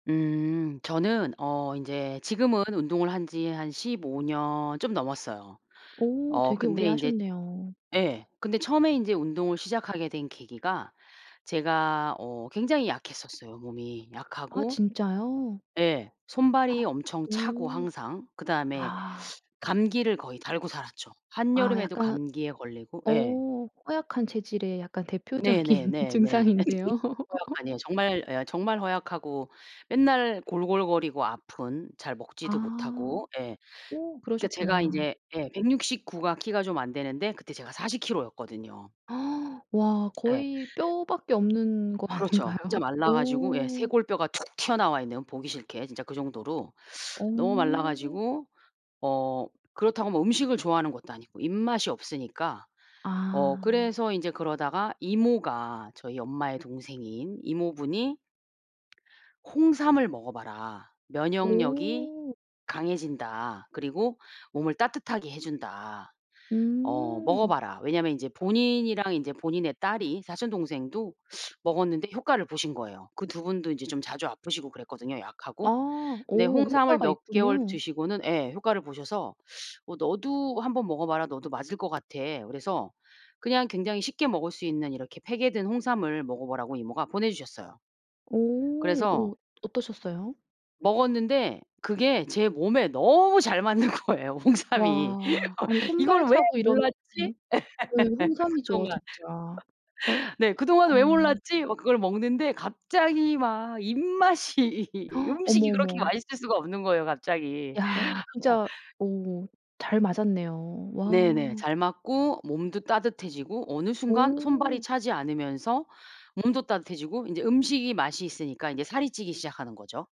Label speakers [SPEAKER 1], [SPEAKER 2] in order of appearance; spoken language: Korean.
[SPEAKER 1] 음. 저는 어 인제 지금은 운동을 한 지 한 15 년 좀 넘었어요.
[SPEAKER 2] 오.
[SPEAKER 1] 어
[SPEAKER 2] 되게 오래
[SPEAKER 1] 근데 인제
[SPEAKER 2] 하셨네요.
[SPEAKER 1] 예. 근데 처음에 인제 운동을 시작하게 된 계기가 제가 어 굉장히 약했었어요, 몸이.
[SPEAKER 2] 아,
[SPEAKER 1] 약하고
[SPEAKER 2] 진짜요?
[SPEAKER 1] 예. 손발이 엄청 차고,
[SPEAKER 2] 오.
[SPEAKER 1] 항상. 그다음에
[SPEAKER 2] 아.
[SPEAKER 1] 감기를 거의 달고 살았죠.
[SPEAKER 2] 아
[SPEAKER 1] 한여름에도
[SPEAKER 2] 약간
[SPEAKER 1] 감기에 걸리고 예.
[SPEAKER 2] 어. 허약한 체질의 약간 대표적인
[SPEAKER 1] 네네네네. [unintelligible]
[SPEAKER 2] 증상인데요.
[SPEAKER 1] 아니에요. 정말 예 정말 허약하고 맨날 골골거리고 아픈, 잘 먹지도
[SPEAKER 2] 아.
[SPEAKER 1] 못하고. 예.
[SPEAKER 2] 어,
[SPEAKER 1] 그러니까 제가
[SPEAKER 2] 그러셨구나.
[SPEAKER 1] 이제 예 169 가 키가 좀 안 되는데 그때 제가 40 킬로였거든요.
[SPEAKER 2] 와.
[SPEAKER 1] 예.
[SPEAKER 2] 거의 뼈밖에 없는 거
[SPEAKER 1] 그렇죠. 진짜
[SPEAKER 2] 아닌가요?
[SPEAKER 1] 말라 가지고 예.
[SPEAKER 2] 오.
[SPEAKER 1] 쇄골뼈가 툭 튀어나와 있는, 보기 싫게 진짜 그 정도로 너무 말라
[SPEAKER 2] 오.
[SPEAKER 1] 가지고 어 그렇다고 뭐 음식을 좋아하는 것도 아니고 입맛이 없으니까. 어
[SPEAKER 2] 아.
[SPEAKER 1] 그래서 이제 그러다가 이모가 저희 엄마의 동생인 이모분이 "홍삼을 먹어 봐라. 면역력이
[SPEAKER 2] 오.
[SPEAKER 1] 강해진다. 그리고 몸을 따뜻하게 해 준다. 어 먹어
[SPEAKER 2] 음.
[SPEAKER 1] 봐라." 왜냐하면 이제 본인이랑 이제 본인의 딸이 사촌 동생도 먹었는데 효과를 보신 거예요. 그 2 분도 이제 좀 자주 아프시고 그랬거든요, 약하고.
[SPEAKER 2] 아.
[SPEAKER 1] 근데
[SPEAKER 2] 오.
[SPEAKER 1] 홍삼을
[SPEAKER 2] 효과가
[SPEAKER 1] 몇 개월
[SPEAKER 2] 있군요.
[SPEAKER 1] 드시고는 예 효과를 보셔서 "어 너도 1 번 먹어 봐라. 너도 맞을 것 같아." 그래서 그냥 굉장히 쉽게 먹을 수 있는 이렇게 팩에 든 홍삼을 먹어 보라고 이모가 보내 주셨어요.
[SPEAKER 2] 오.
[SPEAKER 1] 그래서
[SPEAKER 2] 오, 어떠셨어요?
[SPEAKER 1] 먹었는데 그게 제 몸에 너무 잘 맞는 거예요, 홍삼이.
[SPEAKER 2] 와. 아니 손발
[SPEAKER 1] '이거를 왜
[SPEAKER 2] 차고 이러면
[SPEAKER 1] 몰랐지?' 예.
[SPEAKER 2] 음. 네, 홍삼이죠
[SPEAKER 1] 그동안
[SPEAKER 2] 진짜.
[SPEAKER 1] 네. '그동안 왜
[SPEAKER 2] 아.
[SPEAKER 1] 몰랐지?' 막 그걸 먹는데 갑자기 막 입맛이
[SPEAKER 2] 어머,
[SPEAKER 1] 음식이 그렇게
[SPEAKER 2] 어머.
[SPEAKER 1] 맛있을 수가 없는 거예요, 갑자기.
[SPEAKER 2] 이야.
[SPEAKER 1] 어.
[SPEAKER 2] 진짜 어. 잘 맞았네요.
[SPEAKER 1] 네네.
[SPEAKER 2] 와.
[SPEAKER 1] 잘 맞고 몸도 따뜻해지고 어느 순간 손발이
[SPEAKER 2] 오.
[SPEAKER 1] 차지 않으면서 몸도 따뜻해지고 인제 음식이 맛이 있으니까 인제 살이 찌기 시작하는 거죠.